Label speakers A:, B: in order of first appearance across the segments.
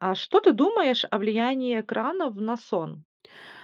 A: А что ты думаешь о влиянии экранов на сон?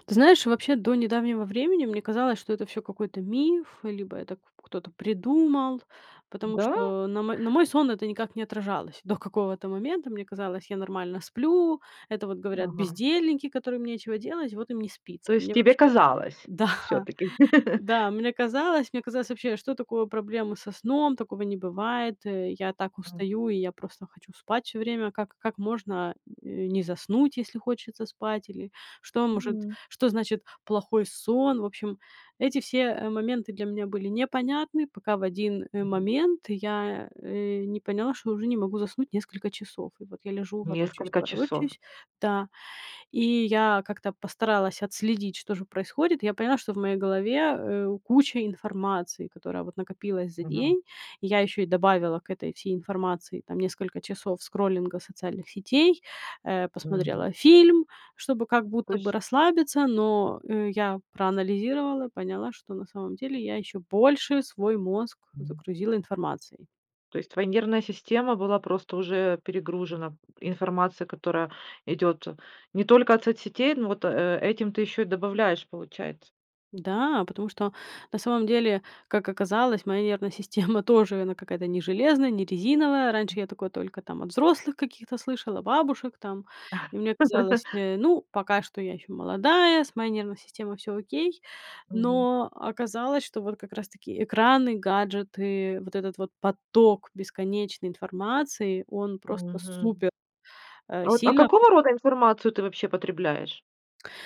B: Ты знаешь, вообще до недавнего времени мне казалось, что это всё какой-то миф, либо это к кто-то придумал, потому
A: Да?
B: что на мо на мой сон это никак не отражалось до какого-то момента. Мне казалось, я нормально сплю, это вот говорят
A: Ага.
B: бездельники, которым нечего делать, вот им не спится.
A: То есть
B: Мне,
A: тебе
B: вообще
A: казалось,
B: Да,
A: всё-таки.
B: да, мне казалось мне казалось вообще, что такое проблемы со сном? Такого не бывает, я так
A: М.
B: устаю и я просто хочу спать всё время. Как как можно не заснуть, э, если хочется спать или что может
A: Мгм.
B: что значит плохой сон. В общем, эти все, э, моменты для меня были непонятны пока в один, э,
A: Мгм.
B: момент я, э, не поняла что уже не могу заснуть несколько часов. И вот я лежу ворочаюсь,
A: Несколько часов.
B: ворочаюсь, да. И я как-то постаралась отследить что же происходит. Я поняла что в моей голове, э, куча информации, которая, вот, накопилась за
A: Мгм.
B: день. Я еще и добавила к этой всей информации там несколько часов скроллинга социальных сетей, э,
A: Мгм.
B: посмотрела фильм чтобы как будто бы
A: Точ
B: расслабиться, но, э, я проанализировала, поняла что на самом деле я еще больше свой мозг
A: М.
B: загрузила информацией.
A: То есть твоя нервная система была просто уже, э, перегружена информацией, которая идет не только от соцсетей, ну, вот, э, этим ты еще и добавляешь, получается.
B: Да, потому что, на самом деле, как оказалось, моя нервная система тоже она, какая-то не железная, не резиновая. Раньше я такое только там от взрослых каких-то слышала, бабушек там, и мне казалось, э, ну пока что я еще молодая с моей нервной системой всё окей.
A: Мгм.
B: Но оказалось, что вот как раз таки экраны, гаджеты, вот этот вот поток бесконечной информации, он просто
A: Мгм.
B: супер, э,
A: Вот, а,
B: сильно
A: какого рода информацию ты вообще потребляешь?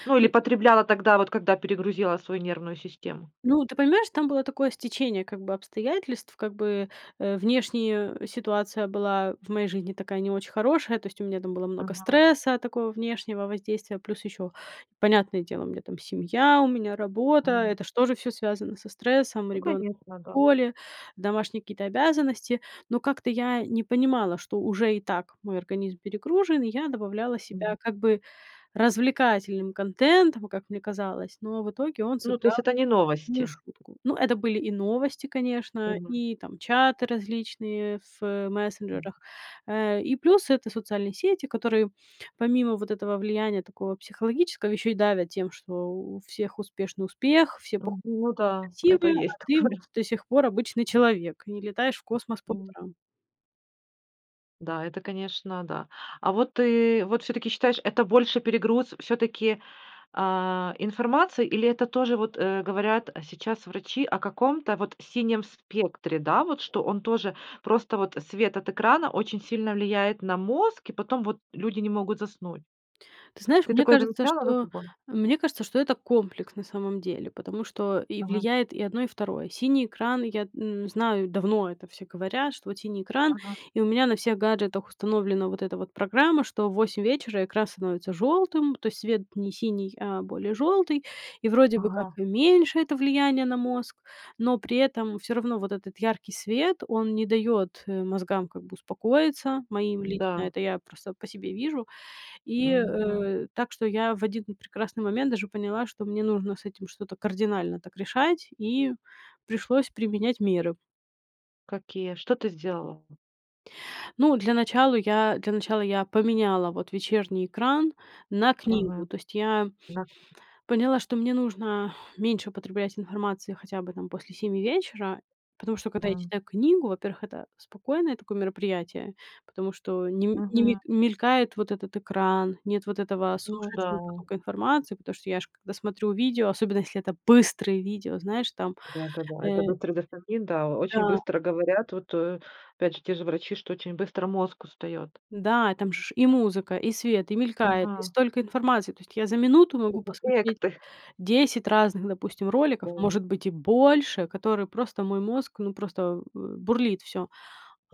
A: Ну, или
B: Ы.
A: потребляла тогда, вот когда перегрузила свою нервную систему.
B: Ну, ты понимаешь, там было такое стечение, как бы обстоятельств. Как бы, э, внешне ситуация была в моей жизни такая не очень хорошая, то есть у меня там было много
A: Мгм.
B: стресса такого внешнего воздействия, плюс еще понятное дело у меня там семья, у меня работа,
A: М.
B: это ж тоже всё связано со стрессом,
A: Ну,
B: ребенок
A: конечно.
B: в
A: Ага.
B: школе, домашние какие-то обязанности, но как-то я не понимала, что уже и так мой организм перегружен, и я добавляла себя
A: Мгм.
B: как бы развлекательным контентом, как мне казалось, но в итоге, он
A: Ну, то
B: сыграл
A: есть это не
B: злую
A: новости.
B: шутку. Ну это были и новости, конечно,
A: Мгм.
B: и там, чаты различные в
A: М.
B: мессенджерах, э, и плюс- это социальные сети, которые, помимо вот этого влияния такого психологического, еще и давят тем, что у всех успешный успех, все пох
A: М,
B: и
A: ну да. Это
B: красивые, а
A: есть
B: ты
A: такое.
B: вот до сих пор обычный человек и не летаешь в космос по утрам.
A: Да, это конечно, да. А вот ты вот всё-таки считаешь, это больше перегруз всё-таки, а, информации, или это тоже вот, э Говорят сейчас врачи о каком-то вот синем спектре, да, вот что он тоже, просто вот свет от экрана очень сильно влияет на мозг, и потом вот люди не могут заснуть.
B: Ты знаешь,
A: Ты
B: мне
A: такое
B: кажется,
A: замечала за
B: что, э,
A: собой?
B: мне кажется, что это комплекс, на самом деле, потому что и
A: Ага.
B: влияет и одно, и второе, синий экран. Я н знаю, давно это все говорят, что вот синий экран,
A: Мгм.
B: и у меня на всех гаджетах установлена вот эта вот программа, что в 8 вечера экран становится желтым, то есть свет не синий, а более желтый. И вроде бы как
A: Ага.
B: и меньше это влияние на мозг, но при этом всё равно вот этот яркий свет- он не дает, э, мозгам, как бы, успокоиться, моим лично.
A: Да.
B: Это я просто по себе вижу, и,
A: Мгм.
B: э, так что я в один прекрасный момент даже поняла, что мне нужно с этим что-то кардинально так решать, и пришлось применять меры.
A: Какие, что ты сделала?
B: Ну, для начала я для начала я поменяла вот вечерний экран на книгу.
A: Мгм.
B: То есть я
A: Да.
B: поняла, что мне нужно меньше употреблять информации хотя бы, там, после 7 вечера, потому что когда я
A: М.
B: читаю книгу: во-первых, это спокойное такое мероприятие, потому что не не мель
A: Мгм.
B: мелькает вот этот экран, нет вот этого
A: Ну
B: сумасшедшего
A: да.
B: потока информации, потому что я ж когда смотрю видео, особенно если это быстрое видео, знаешь, там,
A: Да-да-да. Это
B: э
A: быстрый дофамин, да, очень
B: Да.
A: быстро, говорят, вот, э, опять же те же врачи, что очень быстро мозг устает.
B: Да, и там же ш и музыка, и свет, и мелькает, и
A: Мгм.
B: столько информации. То есть я за минуту
A: Э,
B: могу
A: э, э, к
B: посмотреть
A: ты
B: 10 разных, допустим, роликов,
A: О.
B: может быть, и больше, которые просто мой мозг, ну, просто, э, бурлит всё.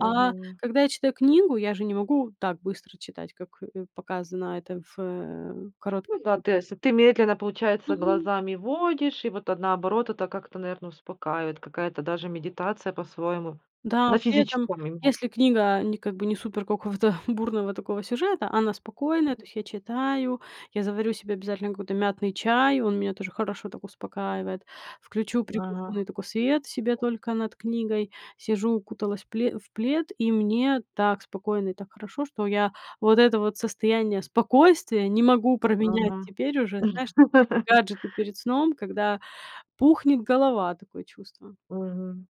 B: А когда я читаю книгу, я же не могу так быстро читать, как, э, показано это в, э, коротких
A: Ну да, ты
B: видео.
A: осы ты медленно, получается,
B: Мгм.
A: глазами водишь, и вот, а, наоборот, это как-то, наверно, успокаивает, какая-то даже медитация по-своему,
B: Да,
A: на
B: при этом
A: физическом именно.
B: если книга не, как бы, не супер какого-то бурного такого сюжета, а она спокойная, то есть я читаю, я заварю себе обязательно какой-то мятный чай, он меня тоже хорошо так успокаивает, включу
A: Ага.
B: приглушенный такой свет себе только над книгой, сижу, укуталась в пле в плед, и мне так спокойно и так хорошо, что я вот это вот состояние спокойствия не могу променять
A: Мгм.
B: теперь уже, знаешь, на вот эти гаджеты перед сном, когда пухнет голова, такое чувство.
A: Мгм.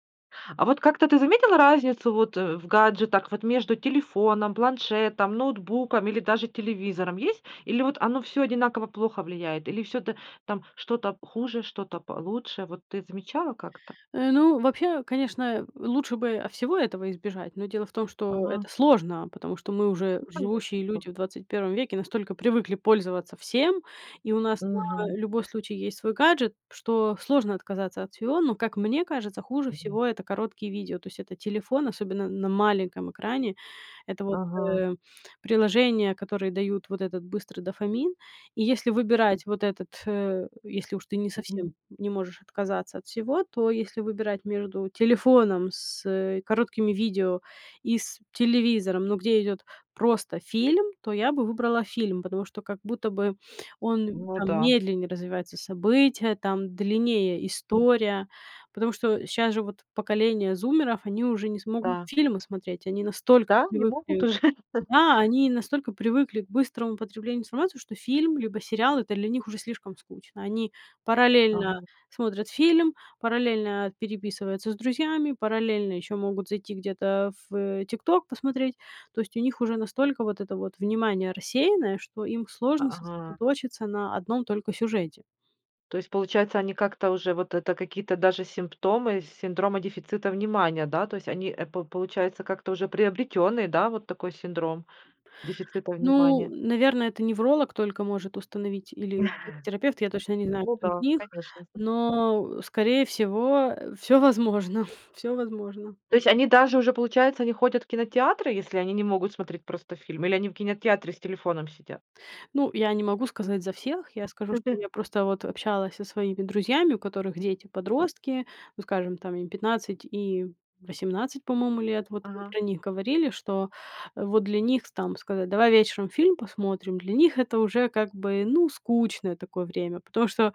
A: А вот как-то ты заметила разницу вот в гаджетах, вот между телефоном, планшетом, ноутбуком или даже телевизором, есть? Или вот оно всё одинаково плохо влияет, или всё та там что-то хуже, что-то получше, вот ты замечала как-то?
B: Э, ну, вообще, конечно, лучше бы, о, всего этого избежать, но дело в том, что это
A: Мгм.
B: сложно, потому что мы, уже
A: Ну, конечно,
B: живущие
A: да.
B: люди в 21 веке, настолько привыкли пользоваться всем, и у нас на
A: Мгм.
B: любой случай есть свой гаджет, что сложно отказаться от всего. Но, как мне кажется, хуже
A: Мгм.
B: всего- это короткие видео. То есть это телефон, особенно на маленьком экране, это вот,
A: Мгм.
B: э, приложения, которые дают вот этот быстрый дофамин, и если выбирать вот этот, если уж ты не совсем
A: Мгм.
B: не можешь отказаться от всего, то если выбирать между телефоном с, э, короткими видео и с телевизором, но где идет просто фильм, то я бы выбрала фильм, потому что, как будто бы, он
A: Ну
B: там
A: да.
B: медленнее развивается события, там длиннее история. Потому что щас же вот поколение зумеров- они уже не смогут
A: Да.
B: фильмы смотреть, они настолько
A: Да, не могут
B: привыкли,
A: уже?
B: да, они и настолько привыкли к быстрому потреблению информации, что фильм либо сериал- это для них уже слишком скучно. Они параллельно
A: Ага.
B: смотрят фильм, параллельно переписываются с друзьями, параллельно еще могут зайти где-то в, э, "ТикТок" посмотреть. То есть у них уже настолько вот это вот внимание рассеянное, что им
A: А,
B: сложно
A: ага.
B: сосредоточиться на одном только сюжете.
A: То есть, получается, они как-то уже вот это какие-то даже симптомы синдрома дефицита внимания, да, то есть, они эп получается, как-то уже приобретенный, да, вот такой синдром дефицита
B: Ну,
A: внимания.
B: наверное, это невролог только может установить или психотерапевт, я точно не знаю,
A: Ну
B: кто из
A: да,
B: них,
A: конечно, согл
B: но, скорее всего, всё возможно, всё возможно.
A: То есть они даже уже, получается, не ходят в кинотеатры, если они не могут смотреть просто фильмы, или они в кинотеатре с телефоном сидят?
B: Ну, я не могу сказать за всех. Я скажу, что я просто вот общалась со своими друзьями, у которых дети подростки, ну, скажем, там им 15 и 18, по-моему, лет, вот мы
A: Ага.
B: про них говорили, что вот для них там сказать: "Давай вечером фильм посмотрим", для них это уже, как бы, ну, скучное такое время. Потому что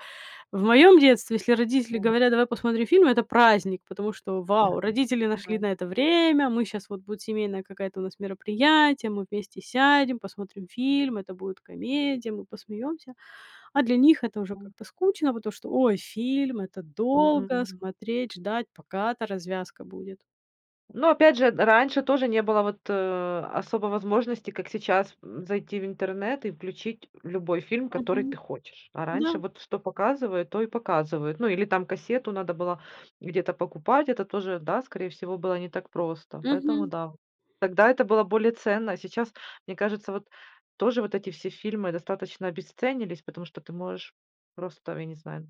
B: в моем детстве, если родители
A: О.
B: говорят: "Давай посмотрим фильм"- это праздник, потому что вау,
A: Мгм.
B: родители нашли
A: Да.
B: на это время, мы щас вот, будет семейное какая-то у нас мероприятие, мы вместе сядем, посмотрим фильм, это будет комедия, мы посмеемся. А для них это уже
A: М.
B: как-то скучно, потому что "Ой, фильм- это долго
A: [unintelligible]
B: смотреть, ждать, пока эта развязка будет."
A: Но опять же, д раньше тоже не было, вот, особо возможности, как сейчас, зайти в интернет и включить любой фильм, который
B: Мгм.
A: ты хочешь. А
B: Да.
A: раньше вот что показывают, то и показывают. Ну или там кассету надо было где-то покупать, это тоже, да, скорее всего, было не так просто. Поэтому
B: Мгм.
A: да, тогда это было более ценно. А сейчас, мне кажется, вот, тоже вот эти все фильмы достаточно обесценились, потому что ты можешь просто, я не знаю,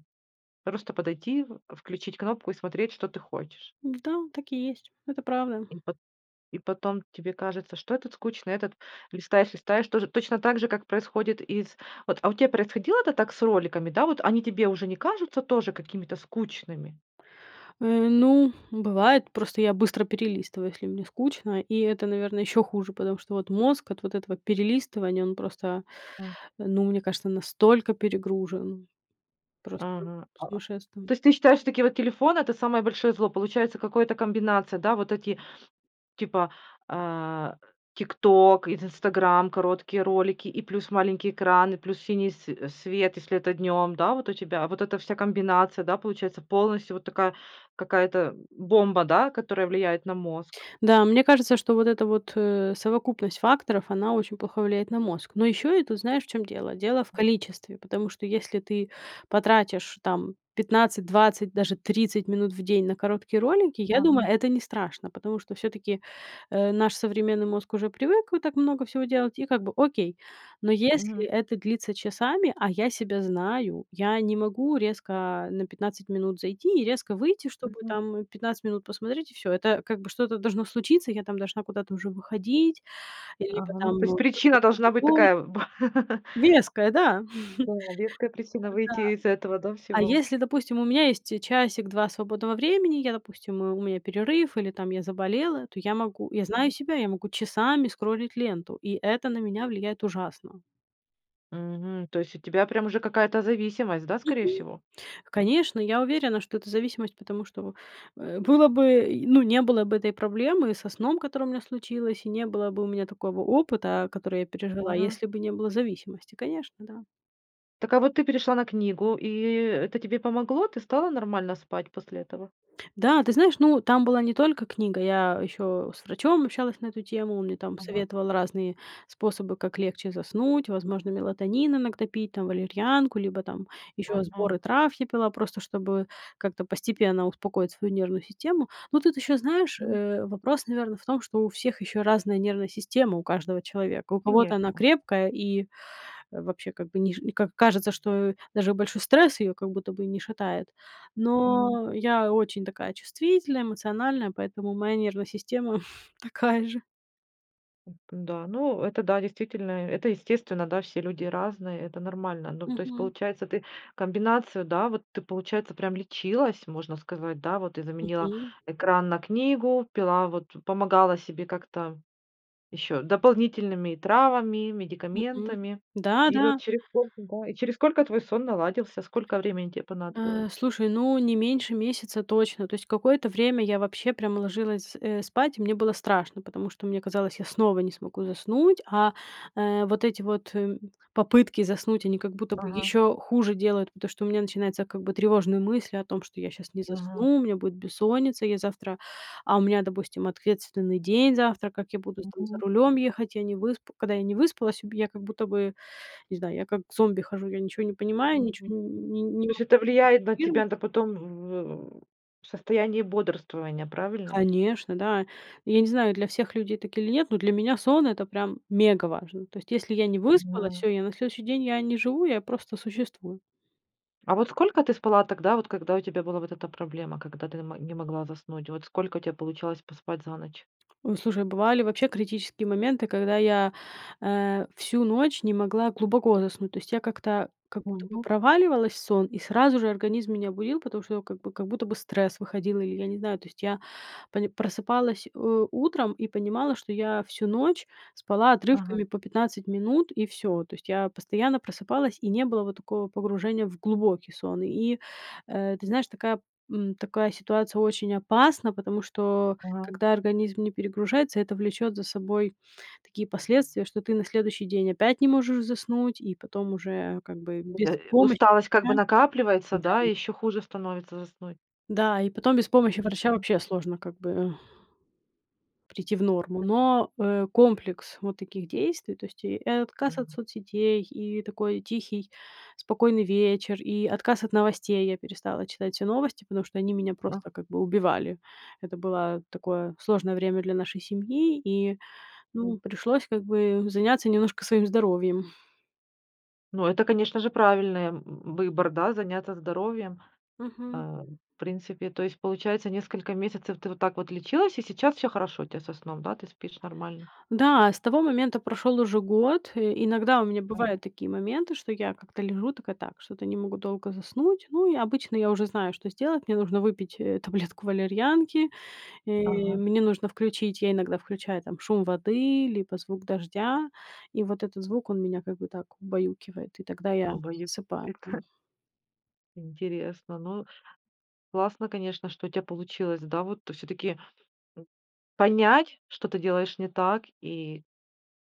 A: просто подойти, в включить кнопку и смотреть, что ты хочешь.
B: Да, так и есть, это правда.
A: И по И потом тебе кажется, что этот скучный, этот листаешь, листаешь, тоже, точно так же, как происходит из вот а у тебя происходило это так с роликами, да, вот они тебе уже не кажутся тоже какими-то скучными?
B: Э, ну, бывает, просто я быстро перелистываю, если мне скучно, и это, наверно, еще хуже, потому что вот мозг от вот этого перелистывания- он просто,
A: М.
B: ну, мне кажется, настолько перегружен- просто
A: Ага. А.
B: сумасшествие.
A: То есть ты считаешь, что такие вот телефоны- это самое большое зло, получается, какое-то, комбинация, да, вот эти типа, э, "ТикТок" и "Инстаграм", короткие ролики, и плюс маленький экран, и плюс синий све свет, если это днем, да. Вот у тебя, вот эта вся комбинация, да, получается, полностью вот такая какая-то бомба, да, которая влияет на мозг?
B: Да, мне кажется, что вот эта вот, э, совокупность факторов, она очень плохо влияет на мозг. Но еще это, знаешь, в чём дело? Дело в количестве, потому что если ты потратишь, там, 15-20, даже 30 минут в день на короткие ролики, я думаю,
A: Ага.
B: это не страшно, потому что всё-таки, э, наш современный мозг уже привык, вы так много всего делать, и как бы окей. Но если
A: Мгм.
B: это длится часами, а я себя знаю, я не могу резко на 15 минут зайти и резко выйти, чтобы
A: Мгм.
B: там 15 минут посмотреть и всё. Это, как бы, что-то должно случиться, я там должна куда-то уже выходить, либо
A: Ага. Ну, то есть
B: там
A: причина должна быть
B: [unintelligible]
A: такая, б
B: Веская, да. Да-да,
A: О, веская причина, выйти из этого, да,
B: а
A: всего.
B: если, допустим, у меня есть часик-два свободного времени, я, допустим, у меня перерыв, или, там, я заболела, то я могу, я знаю себя, я могу часами скроллить ленту, и это на меня влияет ужасно.
A: Мгм. То есть у тебя прям уже какая-то зависимость, да, скорее
B: Мгм.
A: всего?
B: Конечно, я уверена, что это зависимость, потому что, э, было бы, э, ну, не было бы этой проблемы со сном, которая у меня случилась, и не было бы у меня такого опыта, который я пережила,
A: Мгм.
B: если бы не было зависимости, конечно, да.
A: Так а вот ты перешла на книгу, и и это тебе помогло, ты стала нормально спать после этого?
B: Да, ты знаешь, ну, там была не только книга, я еще с врачом общалась на эту тему, он мне там
A: Мгм.
B: советовал разные способы, как легче заснуть, возможно, мелатонин иногда пить, там, валерьянку, либо там еще
A: Мгм.
B: сборы трав я пила, просто чтобы как-то постепенно успокоить свою нервную систему. Но тут еще, знаешь,
A: М.
B: э, вопрос, наверно, в том, что у всех еще разная нервная система, у каждого человека. У кого-то она
A: Конечно.
B: крепкая и вообще, как бы, ниж и как кажется, что даже большой стресс ее как будто бы и не шатает,
A: Мгм.
B: но я очень такая чувствительная, эмоциональная, поэтому моя нервная система такая же.
A: Это да, ну, это да, действительно, это естественно, да, все люди разные, это нормально. Ну, то есть,
B: Мгм.
A: получается, ты комбинацию, да, вот ты, получается, прям лечилась, можно сказать, да, вот ты заменила
B: Мгм.
A: экран на книгу, пила, вот, помогала себе как-то еще дополнительными травами,
B: Мгм.
A: медикаментами. И
B: Да-да.
A: вот через сколько, да, и через сколько твой сон наладился, сколько времени те понадобилось?
B: Э, слушай, ну, не меньше месяца точно. То есть какое-то время я вообще прямо ложилась, э, спать, и мне было страшно, потому что мне казалось, я снова не смогу заснуть, а, э, вот эти вот попытки заснуть, они как будто бы
A: Ага.
B: еще хуже делают. Потому что у меня начинается, как бы, тревожные мысли о том, что я сейчас не
A: Мгм.
B: засну, у меня будет бессонница, я завтра а у меня, допустим, ответственный день завтра, как я буду, там, за
A: Мгм.
B: рулем ехать, я не выспа когда я не выспалась, у меня как будто бы, не знаю, я как зомби хожу, я ничего не понимаю,
A: Мгм.
B: ничего не не
A: То есть
B: могу
A: это влияет на
B: сфокусироваться.
A: тебя, да, потом в в состоянии бодрствования, правильно?
B: Конечно, да, и я не знаю, для всех людей так или нет, но для меня сон- это прям мега важно, то есть если я не выспалась,
A: Мгм.
B: всё, я на следующий день я не живу, я просто существую.
A: А вот сколько ты спала тогда, вот когда у тебя была вот эта проблема, когда ты на ма не могла заснуть? Вот сколько у тя получалось поспать за ночь?
B: Ой, слушай, бывали вообще критические моменты, когда я, э, всю ночь не могла глубоко заснуть, то есть я как-то, как будто бы
A: Мгм.
B: проваливалась в сон, и сразу же организм меня будил, потому что, как бы, как будто бы стресс выходил, и я не знаю, то есть я пони просыпалась, э, утром и понимала, что я всю ночь спала отрывками
A: Ага.
B: по 15 минут, и всё. То есть я постоянно просыпалась, и не было вот такого погружения в глубокий сон, и, э, ты знаешь, такая, м, такая ситуация очень опасна, потому что
A: Ага.
B: когда организм не перегружается, это влечет за собой такие последствия, что ты на следующий день опять не можешь заснуть, и потом уже, как бы, без
A: Это
B: помощи
A: усталость, как бы,
B: врача
A: накапливается, да, и
B: да.
A: еще хуже становится заснуть?
B: Да, и потом без помощи врача вообще сложно, как бы прийти в норму. Но, э, комплекс вот таких действий, то есть и отказ от
A: М.
B: соцсетей, и такой тихий, спокойный вечер, и отказ от новостей- я перестала читать все новости, потому что они меня
A: А.
B: просто как бы убивали, это было такое сложное время для нашей семьи, и, ну,
A: М.
B: пришлось, как бы, заняться немножко своим здоровьем.
A: Ну, это, конечно же, правильное в выбор, да, заняться здоровьем, э,
B: Мгм.
A: в принципе. То есть получается несколько месяцев ты вот так вот лечилась и сейчас всё хорошо у тя со сном, да, ты спишь нормально?
B: Да, с того момента прошёл уже год, э. Иногда у меня
A: [unintelligible]
B: бывают такие моменты, что я как-то лежу такая: "Так, что-то не могу долго заснуть". Ну, и обычно я уже знаю, что сделать: мне нужно выпить, э, таблетку валерьянки, э,
A: Ага.
B: мне нужно включить я иногда включаю там шум воды, либо звук дождя, и вот этот звук- он меня как бы так убаюкивает, и тогда я
A: Обоюд
B: засыпаю там.
A: эта. Интересно, ну, классно, конечно, что у тя получилось, да, вот, всё-таки, м, понять, что ты делаешь не так, и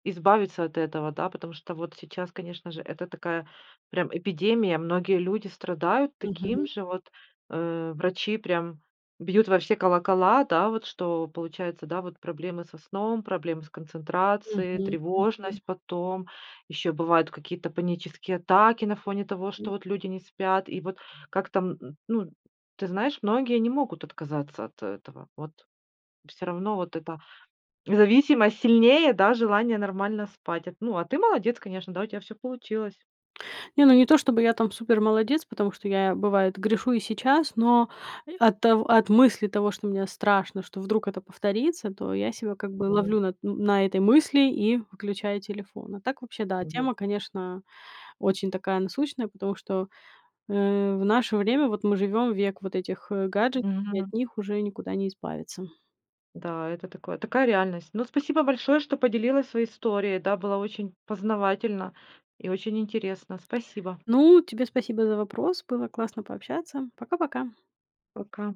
A: избавиться от этого, да. Потому что вот сейчас, конечно же, это такая прям эпидемия, многие люди страдают таким
B: Мгм.
A: же, вот, э. Врачи прям бьют во все колокола, да вот, что получается, да вот, проблемы со сном, проблемы с концентрацией,
B: Мгм, мгм.
A: тревожность потом, ещё бывают какие-то панические атаки на фоне того, что
B: [unintelligible]
A: вот люди не спят. И вот как там н н ну, ты знаешь, многие не могут отказаться от этого, вот всё равно вот эта зависимость сильнее, да, желания нормально спать. А т ну, а ты молодец, конечно, да, у тя всё получилось.
B: Не, ну, не то, чтобы я там супер молодец, потому что я, бывает, грешу и сейчас. Но от тов от мысли того, что мне страшно, что вдруг это повторится, то я себя как бы
A: Мгм.
B: ловлю на т ну, на этой мысли и выключаю телефон. А так, вообще да,
A: Мгм.
B: тема, конечно, очень такая насущная, потому что, э, в наше время вот мы живем в век вот этих, э, гаджетов и от
A: Мгм.
B: них уже никуда не избавиться.
A: Да, это такое, такая реальность. Ну, спасибо большое, что поделилась своей историей, да, было очень познавательно и очень интересно, спасибо.
B: Ну, тебе спасибо за вопрос, было классно пообщаться, пока-пока.
A: Пока.